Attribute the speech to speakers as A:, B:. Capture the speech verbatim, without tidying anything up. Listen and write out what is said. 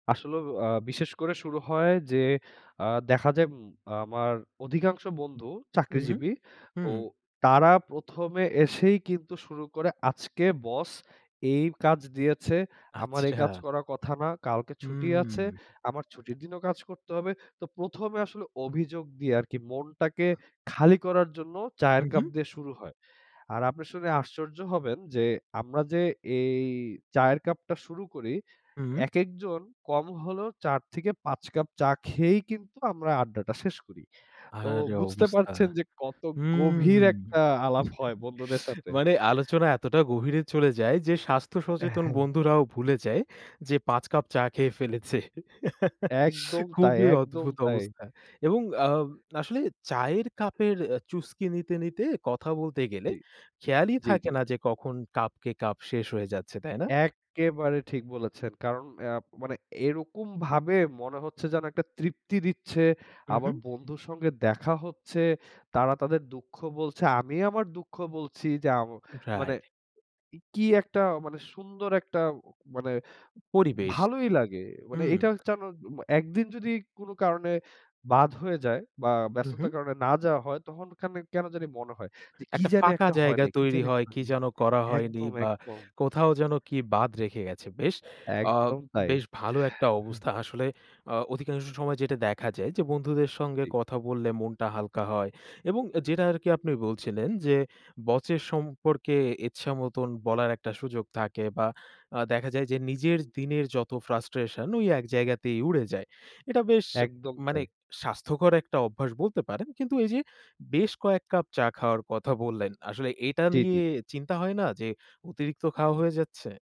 A: আসলেও আ বিশেষ করে শুরু হয় যে আ দেখা যায় উম আমার অধিকাংশ বন্ধু
B: উহুম।
A: চাকরিজীবী। তো
B: হুম।
A: তারা প্রথম এ এসেই কিন্তু শুরু করে আজকে বস এই কাজ দিয়েছে। আমার এই কাজ
B: আচ্ছা।
A: করার কথা না। কালকে ছুটি আছে।
B: হুম।
A: আমার ছুটির দিনও কাজ করতে হবে। তো প্রথম এ আসলে অভিযোগ দিয়ে আরকি মনটাকে খালি করার জন্য
B: হু,
A: চায়ের কাপ
B: হু।
A: দিয়ে শুরু হয়। আর আপনি শুনে আশ্চর্য হবেন, যে আমরা যে এই চায়ের কাপটা শুরু করি
B: হুম।
A: একেকজন কম হলেও চার থেকে পাঁচ কাপ চা খেয়েই কিন্তু আমরা আড্ডাটা শেষ করি। তো
B: আরে
A: বুঝতে
B: অবস্থা।
A: পারছেন যে কত
B: হুম,
A: গভীর একটা আলাপ হয় বন্ধুদের সাথে।
B: মানে আলোচনা এতটা গভীরে চলে যায় যে স্বাস্থ্য
A: অ্যা
B: সচেতন
A: হ্যাঁ।
B: বন্ধুরাও ভুলে যায় যে পাঁচ কাপ চা খেয়ে ফেলেছে।
A: একদম তাই,
B: খুবই
A: একদম
B: অদ্ভুত
A: তাই।
B: অবস্থা এবং আ আসলে চায়ের কাপের আ চুসকি নিতে নিতে কথা বলতে গেলে
A: জি।
B: খেয়ালই
A: জি,
B: থাকে
A: জি।
B: না যে কখন কাপকে কাপ শেষ হয়ে যাচ্ছে। তাই না?
A: এক্কেবারে ঠিক বলেছেন। কারণ অ্যা মানে এরকম ভাবে মনে হচ্ছে যেন একটা তৃপ্তি দিচ্ছে,
B: উ
A: আমার
B: হুম।
A: বন্ধুর সঙ্গে দেখা হচ্ছে, তারা তাদের দুঃখ বলছে, আমি আমার দুঃখ বলছি যে আ মানে
B: রাইট।
A: কি একটা মানে সুন্দর একটা অ মানে
B: পরিবেশ।
A: ভালোই লাগে। মানে
B: উম।
A: এটা যেন একদিন যদি কোনো কারণে বাদ হয়ে যায়, বা
B: উ
A: ব্যস্ততার
B: হুম।
A: কারণে না যাওয়া হয়, তখন খানি কেন জানি মনে হয় যে কি
B: একটা
A: জানি
B: ফাঁকা
A: একটা হয়
B: জায়গা
A: নাই, কি
B: তৈরি
A: জানি একটা
B: হয়,
A: হয়
B: কি
A: নাই।
B: যেন করা হয়নি
A: একদম,
B: বা
A: একদম।
B: কোথাও যেন কি বাদ রেখে গেছে। বেশ আ
A: একদম তাই।
B: বেশ ভালো একটা অবস্থা আসলে, আ অধিকাংশ সময় যেটা দেখা যায়, যে বন্ধুদের সঙ্গে
A: জি।
B: কথা বললে মনটা হালকা হয়। এবং যেটা আরকি আপনি বলছিলেন, যে বচের সম্পর্কে ইচ্ছামতন বলার একটা সুযোগ থাকে বা আ দেখা যায় যে নিজের দিনের যত ফ্রাস্ট্রেশন ঐ এক জায়গাতেই উড়ে যায়। এটা বেশ
A: একদম
B: মানে
A: তাই।
B: স্বাস্থ্যকর একটা অভ্যাস বলতে পারেন। কিন্তু ওই যে বেশ কয়েক কাপ চা খাওয়ার কথা বললেন। আসলে এটা
A: জি, জি।
B: নিয়ে চিন্তা হয় না? যে অতিরিক্ত খাওয়া হয়ে যাচ্ছে?